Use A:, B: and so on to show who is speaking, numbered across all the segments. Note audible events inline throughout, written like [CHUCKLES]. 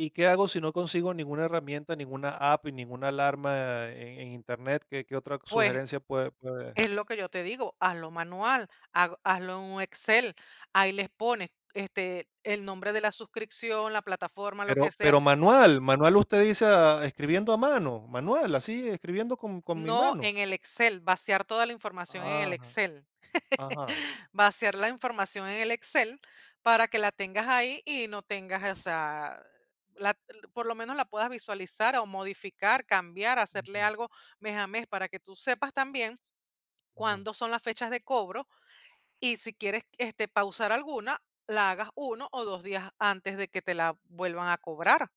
A: ¿Y qué hago si no consigo ninguna herramienta, ninguna app y ninguna alarma en en Internet? ¿Qué qué otra
B: Pues,
A: sugerencia puede puede?
B: es lo que yo te digo, hazlo manual, hag hazlo en un Excel, ahí les pones, este, el nombre de la suscripción, la plataforma, lo que
A: Pero
B: sea.
A: pero manual manual, usted dice a escribiendo a mano, manual, ¿así escribiendo con con mi
B: No
A: mano?
B: en el Excel, vaciar toda la información en el
A: Ah,
B: Excel. [CHUCKLES]
A: ajá.
B: Vaciar la información en el Excel para que la tengas ahí y no tengas, o sea, la por lo menos la puedas visualizar o modificar, cambiar, hacerle
A: Ujú.
B: algo mes a mes, para que tú sepas también
A: Ujú.
B: cuándo son las fechas de cobro. Y si quieres, este, pausar alguna, la hagas 1 o 2 días antes de que te la vuelvan a cobrar.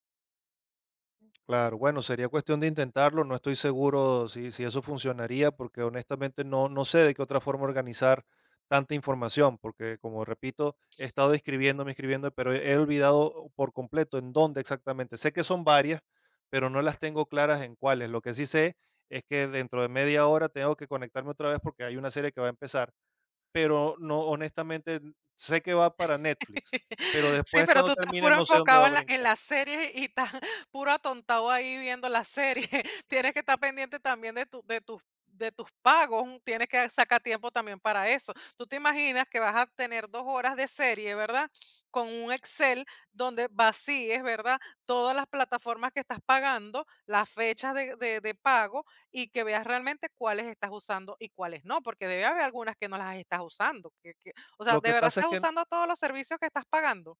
A: Claro, bueno, sería cuestión de intentarlo, no estoy seguro sí sí eso funcionaría, porque honestamente no no sé de qué otra forma organizar tanta información, porque, como repito, he estado inscribiéndome inscribiendo, pero he olvidado por completo en dónde exactamente. Sé que son varias, pero no las tengo claras en cuáles. Lo que sí sé es que dentro de media hora tengo que conectarme otra vez, porque hay una serie que va a empezar, pero no, honestamente, sé que va para Netflix,
B: [CHUCKLES]
A: pero
B: Sí,
A: después,
B: pero
A: cuando
B: tú estás
A: termine,
B: puro
A: no sé dónde va
B: enfocado
A: a
B: en la en
A: brincar.
B: la serie y estás puro atontado ahí viendo la serie. [CHUCKLES] Tienes que estar pendiente también de tu de tus de tus pagos, tienes que sacar tiempo también para eso. Tú te imaginas que vas a tener 2 horas de serie, ¿verdad? Con un Excel, donde vacíes, ¿verdad? Todas las plataformas que estás pagando, las fechas de de de pago y que veas realmente cuáles estás usando y cuáles no, porque debe haber algunas que no las estás usando, que que, o sea,
A: Lo
B: ¿de
A: que
B: verdad
A: pasa es
B: estás
A: que.
B: usando todos los servicios que estás pagando?